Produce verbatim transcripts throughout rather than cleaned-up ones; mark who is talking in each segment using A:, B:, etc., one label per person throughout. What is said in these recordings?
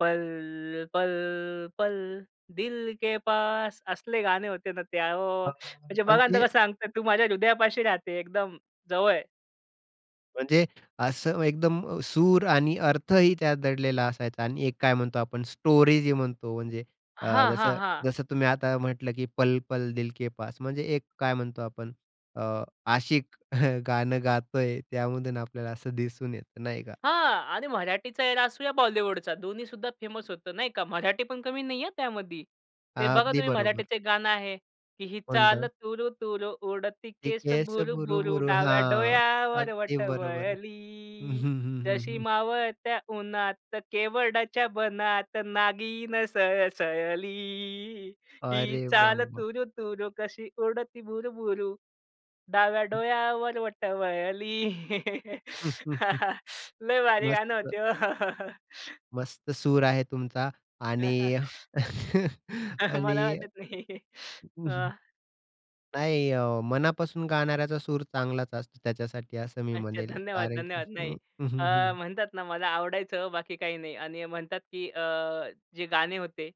A: पल, पल, पल, दिल के पास असले गाणे होते ना ते आहो,
B: अ,
A: म्हणजे बघा ना
B: म्हणजे?
A: तर कसं सांगत आहे, तू माझ्या हृदयापाशी राहते, एकदम जवळ.
B: म्हणजे असं एकदम अ, सूर आणि अर्थही त्यात दडलेला असायचा आणि एक काय म्हणतो आपण स्टोरी जी म्हणतो म्हणजे, अ,
A: हां, हां,
B: जसं
A: हां.
B: जसं तुम्ही आता म्हटलं की पल पल दिल के पास. म्हणजे एक काय म्हणतो आपण. अ, आशिक गाणं गातो आहे त्यामधून आपल्याला असं दिसून येतं नाही का?
A: हां. आणि मराठीचा एरा असू या बॉलिवूडचा दोन्हीसुद्धा फेमस होतं नाही का. मराठी पण कमी नाही आहे त्यामध्ये. ते
B: हां,
A: बघा
B: अगदी
A: तुम्ही
B: बरोबर.
A: मराठीचं गाणं आहे की ही चाल
B: कोणतं?
A: तूरु तूरु, उडती
B: हे
A: केस
B: केस
A: भुरुभुरु,
B: भुरू-भुरू
A: डाव्या
B: हां,
A: डोळ्यावर
B: अगदी
A: बट
B: बरोबर. हं,
A: वळली,
B: हं, हं,
A: जशी
B: हं.
A: मावळत्या उन्हात केवडाच्या बनात नागिन सळसळली. ही
B: अरे वाह!
A: चाल
B: वाह!
A: तूरु तूरू, कशी उडती भुरुभुरु, डाव्या
B: हं.
A: डोळ्यावर बट वळली. लय भारी गाणं
B: मस्त.
A: होते. हो.
B: मस्त सूर आहे तुमचा. आणि
A: अ, मला
B: आणि.
A: वाटत नाही. अ
B: नाही अ, मनापासून गाणाऱ्याचा सूर चांगलाच असतो त्याच्यासाठी असं मी
A: अच्छा.
B: म्हणेन.
A: धन्यवाद,
B: कारण की
A: धन्यवाद.
B: हं,
A: नाही.
B: हं,
A: अ,
B: हं.
A: म्हणतात ना मला आवडायचं ओ, बाकी काही नाही. आणि म्हणतात की अ, जे गाणे होते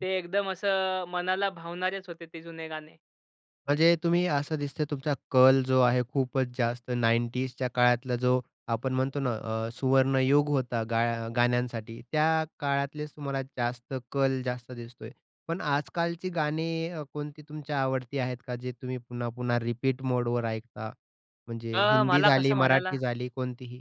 A: ते एकदम असं मनाला भावणारेच होते, ते जुने गाणे.
B: म्हणजे तुम्ही असं दिसतंय तुमचा कल जो आहे खूपच जास्त नाइंटीजच्या काळातला जो आपण म्हणतो ना अ, सुवर्णयुग होता गा गाण्यांसाठी. त्या काळातलेच तुम्हाला जास्त कल जास्त दिसतो आहे, पण आजकालची गाणी कोणती अ, तुमच्या आवडती आहेत का? जे तुम्ही पुन्हा-पुन्हा रिपीट मोडवर ऐकता? म्हणजे
A: अ,
B: हिंदी
A: मला
B: झाली,
A: कसं म्हणायला?
B: मराठी झाली, कोणतीही?